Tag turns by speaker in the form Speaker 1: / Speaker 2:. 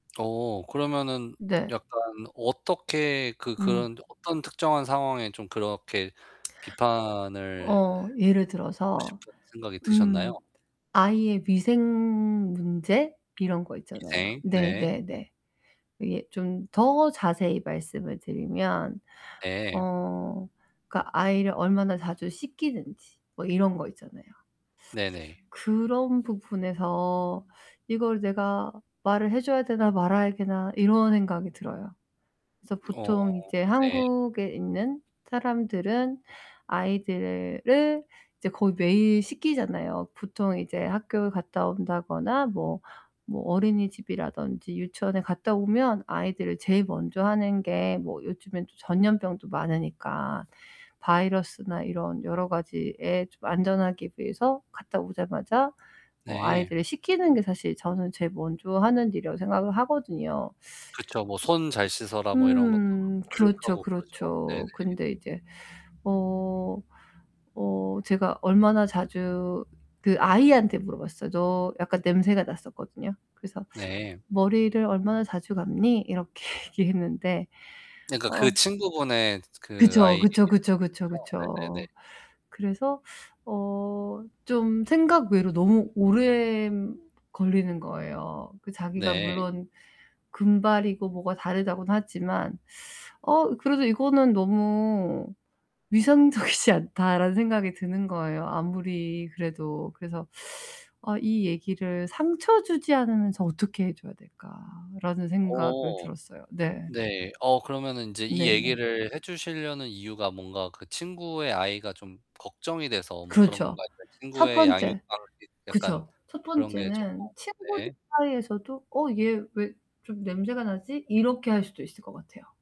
Speaker 1: 어 그러면은
Speaker 2: 네.
Speaker 1: 약간 어떻게 그
Speaker 2: 음.
Speaker 1: 그런 어떤 특정한 상황에 좀 그렇게 비판을
Speaker 2: 어 예를
Speaker 1: 하고
Speaker 2: 들어서
Speaker 1: 싶은 생각이 드셨나요?
Speaker 2: 음 아이의 위생문제 이런 거 있잖아요.
Speaker 1: 네. 네.
Speaker 2: 네네네. 이게 좀 더 자세히 말씀을 드리면
Speaker 1: 네.
Speaker 2: 어 그니까 아이를 얼마나 자주 씻기는지 뭐 이런 거 있잖아요.
Speaker 1: 네네.
Speaker 2: 그런 부분에서 '이걸 내가 말을 해줘야 되나 말아야 되나.' 이런 생각이 들어요. 그래서
Speaker 1: 어
Speaker 2: 보통 이제
Speaker 1: 네.
Speaker 2: 한국에 있는 사람들은 아이들을 이제 거의 매일 씻기잖아요. 보통 이제 학교에 갔다 온다거나 뭐 뭐 어린이집이라던지 유치원에 갔다오면 아이들을 제일 먼저 하는 게 뭐 요즘엔 또 전염병도 많으니까. 바이러스나 이런 여러 가지에 좀 안전하기 위해서 갔다 오자마자 어
Speaker 1: 네.
Speaker 2: 아이들을 씻기는 게 사실 저는 제일 먼저 하는 일이라고 생각을 하거든요.
Speaker 1: 그렇죠. 뭐 손 잘 씻어라, 뭐 이런 것도
Speaker 2: 음 그렇죠,
Speaker 1: 교육하고 그렇죠. 네네.
Speaker 2: 그렇죠. 근데 이제 어 어 제가 얼마나 자주 그 아이한테 물어봤어요. 저 약간 냄새가 났었거든요. 그래서
Speaker 1: 네.
Speaker 2: "머리를 얼마나 자주 감니?" 이렇게 얘기했는데
Speaker 1: 네 그니까 그
Speaker 2: 어
Speaker 1: 친구분의 그
Speaker 2: 그쵸,
Speaker 1: 아이
Speaker 2: 그쵸, 그쵸,
Speaker 1: [unintelligible]
Speaker 2: 그쵸,
Speaker 1: 죠? 네네네.
Speaker 2: 그쵸. 그래서 어 좀 생각 외로 너무 오래 걸리는 거예요. 그 자기가
Speaker 1: 네.
Speaker 2: 물론 금발이고 뭐가 다르다고는 하지만, '어 그래도 이거는 너무 위생적이지 않다.'라는 생각이 드는 거예요 아무리 그래도. 그래서 '아 이 얘기를 상처주지 않으면서 어떻게 해줘야 될까.'라는 생각을
Speaker 1: 어.
Speaker 2: 들었어요, 네.
Speaker 1: 네. 어 그러면은 인제 이
Speaker 2: 네네.
Speaker 1: 얘기를 해 주시려는 이유가 뭔가 그 친구의 아이가 좀 걱정이 돼서 뭐 그런
Speaker 2: 그렇죠.
Speaker 1: 건가요? 아니면
Speaker 2: 첫
Speaker 1: 친구의 양육
Speaker 2: 번째
Speaker 1: 방식 약간
Speaker 2: 그쵸 첫
Speaker 1: 그런 게 쪼끔
Speaker 2: 번째는 친구들
Speaker 1: 네.
Speaker 2: 사이에서도 '어 얘 왜 좀 냄새가 나지?' 이렇게 할 수도 있을 것 같아요.